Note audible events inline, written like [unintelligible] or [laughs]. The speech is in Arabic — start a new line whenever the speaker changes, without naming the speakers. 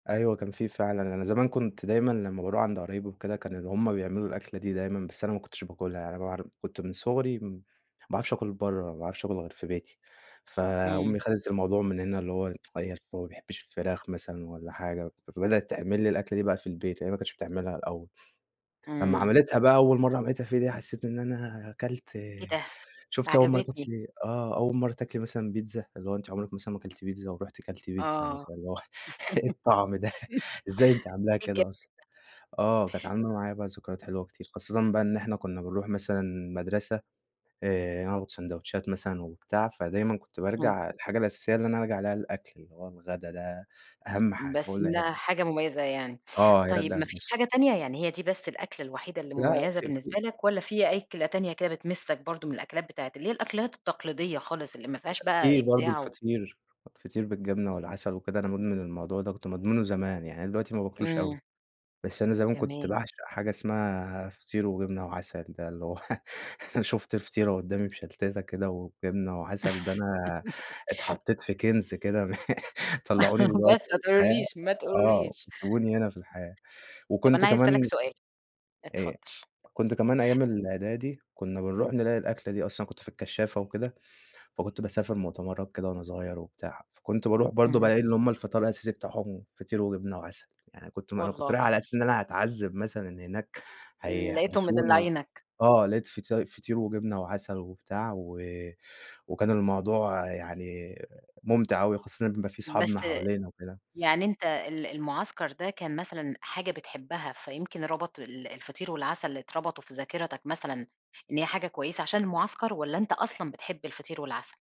أيوه كان في فعلًا، أنا زمان كنت دايمًا لمّا باروح عند قرايبي وكده كانوا اللي هم بيعملوا الأكلة دي دايمًا، بس أنا ما كنتش باكلها يعني مابعر كنت من صغري م ما باعرفش آكل برّه، ما باعرفش آكل غير في بيتي.
امم.
فأمي خدت الموضوع من هنا اللي هو [tsk] اتغيّر هو ما بيحبش الفراخ مثلًا والّا حاجة، فبدأت تعمل لي الأكلة دي بقى في البيت، يعني هي ما كانتش بتعملها الأول. لمّا
امم.
عملتها بقى أول مرة عملتها فيها دي حسيت إن أنا كلت
إيه ده؟! ده
شُفتِ أول مرة
عجبتني.
تاكلي آه، أول مرة تاكلي مثلًا بيتزا، اللي هو أنتِ عمرك مثلًا ما كلتِ بيتزا، ورُحْتِ كلتِ بيتزا
آه
مثلًا اللي هو إيه الطعم ده؟ إزاي أنتِ عاملاها
[laughs] إيه [unintelligible] ده!
كده أصلًا؟ آه، كانت عاملة معايا بقي ذكريات حلوة كتير، خاصةً بقى إن إحنا كنا بنروح مثلًا المدرسة آآ، وناخد ساندويتشات مثلًا وبتاع، فدايمًا كنت
امم.
بارجع الحاجة الأساسية اللي أنا أرجع ألاقيها الأكل اللي هو الغدا ده أهم حاجة هو
بس
اللي
إنها
هير
حاجة مميزة يعني،
آه، هيرجع
طيب ما فيش
النش
حاجة تانية يعني هي دي بس الأكلة الوحيدة اللي
لا
مميزة
في في
بالنسبة لك؟ والّا في أكلة تانية كده بتمِسَّك برضه من الأكلات بتاعة اللي هي الأكلات التقليدية خالص اللي ما فيهاش بقى
في برضه
إبداع و
الفطير، الفطير بالجبنة والعسل وكده، أنا مدمن الموضوع ده كنت مدمنه زمان يعني، أنا دلوقتي ما باكلوش أوي.
امم.
بس أنا زمان كنت
تمام.
باعشق حاجة اسمها فطير وجبنة وعسل ده اللي هو [laughs] لو شُفْت فطيرة قدامي مشلتتة كده وجبنة وعسل ده أنا
[laughs]
اتحطيت في كنز كده، م [laughs] طلعوني
[laughs]
دلوقتي
بس ما
من الحياة
تقولوليش، ما
آه،
تقولوليش.
وسيبوني هنا في الحياة،
طَب
وكنت
أنا عايزة أسألك
كمان
سؤال،
آآ،
اتفضل.
كنت كمان أيام الإعدادي كنا بنروح نلاقي الأكلة دي أصلًا أنا كنت في الكشافة وكده، فكنت باسافر مؤتمرات كده وأنا صغير وبتاع، فكنت باروح برضه
امم.
بالاقي إن هم الفطار الأساسي بتاعهم فطير وجبنة وعسل، يعني كنت ما أنا كنت رايح
والله!
على أساس إن أنا هاتعذب مثلًا هناك
امم لقيتهم
هيحبسونا و
مدلعينك.
آه لاقيت فط فطير وجبنة وعسل وبتاع، و وكان الموضوع يعني ممتع أوي خاصةً بيبقى في
بس
صحابنا حوالينا وكده.
يعني أنت ال المعسكر ده كان مثلًا حاجة بتحبها، فيمكن ربط ال الفطير والعسل اتربطوا في ذاكرتك مثلًا إن هي حاجة كويسة عشان المعسكر؟ والّا أنت أصلًا بتحب الفطير والعسل؟